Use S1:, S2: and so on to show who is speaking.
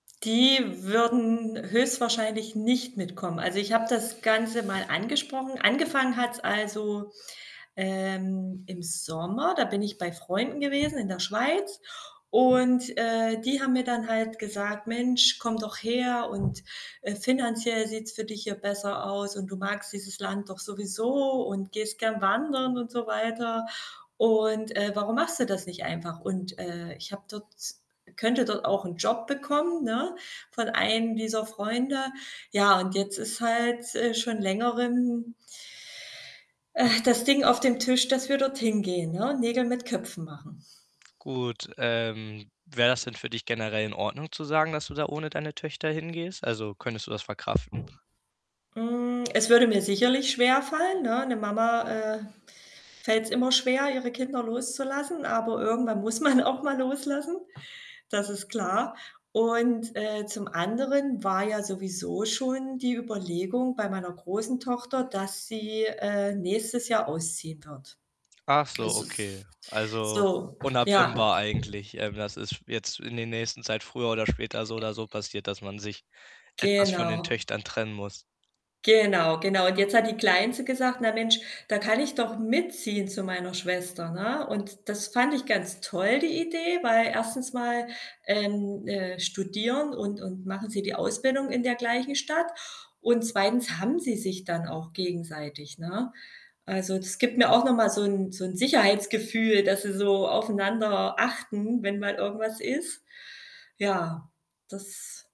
S1: Die würden höchstwahrscheinlich nicht mitkommen. Also, ich habe das Ganze mal angesprochen. Angefangen hat's, also, ähm, im Sommer. Da bin ich bei Freunden gewesen in der Schweiz und, äh, die haben mir dann halt gesagt: „Mensch, komm doch her und, äh, finanziell sieht's für dich hier besser aus und du magst dieses Land doch sowieso und gehst gerne wandern und so weiter und, äh, warum machst du das nicht einfach?“ Und, äh, ich habe dort könnte dort auch 'n Job bekommen, ne, von einem dieser Freunde. Ja, und jetzt ist halt, äh, schon längerem äh, das Ding auf dem Tisch, dass wir dort hingehen, ne, Nägel mit Köpfen machen.
S2: Gut, ähm, wäre das denn für dich generell in Ordnung zu sagen, dass du da ohne deine Töchter hingehst? Also, könntest du das verkraften?
S1: Hm, es würde mir sicherlich schwerfallen, ne? Ne Mama, äh, fällt's immer schwer, ihre Kinder loszulassen, aber irgendwann muss man auch mal loslassen. Das ist klar und, äh, zum anderen war ja sowieso schon die Überlegung bei meiner großen Tochter, dass sie, äh, nächstes Jahr ausziehen wird.
S2: Achso,
S1: Es ist,
S2: okay. Also,
S1: so, ja.
S2: unabwendbar eigentlich. Ähm, das ist jetzt in der nächsten Zeit früher oder später so oder so passiert, dass man sich etwas von den
S1: Genau.
S2: Töchtern trennen muss.
S1: Genau, genau, und jetzt hat die Kleinste gesagt: „Na Mensch, da kann ich doch mitziehen zu meiner Schwester“, ne? Und das fand ich ganz toll die Idee, weil 1. mal, ähm, äh, studieren und und machen sie die Ausbildung in der gleichen Stadt und 2. haben sie sich dann auch gegenseitig, ne? Also, das gibt mir auch noch mal so 'n so 'n Sicherheitsgefühl, dass sie so aufeinander achten, wenn mal irgendwas ist. Ja, das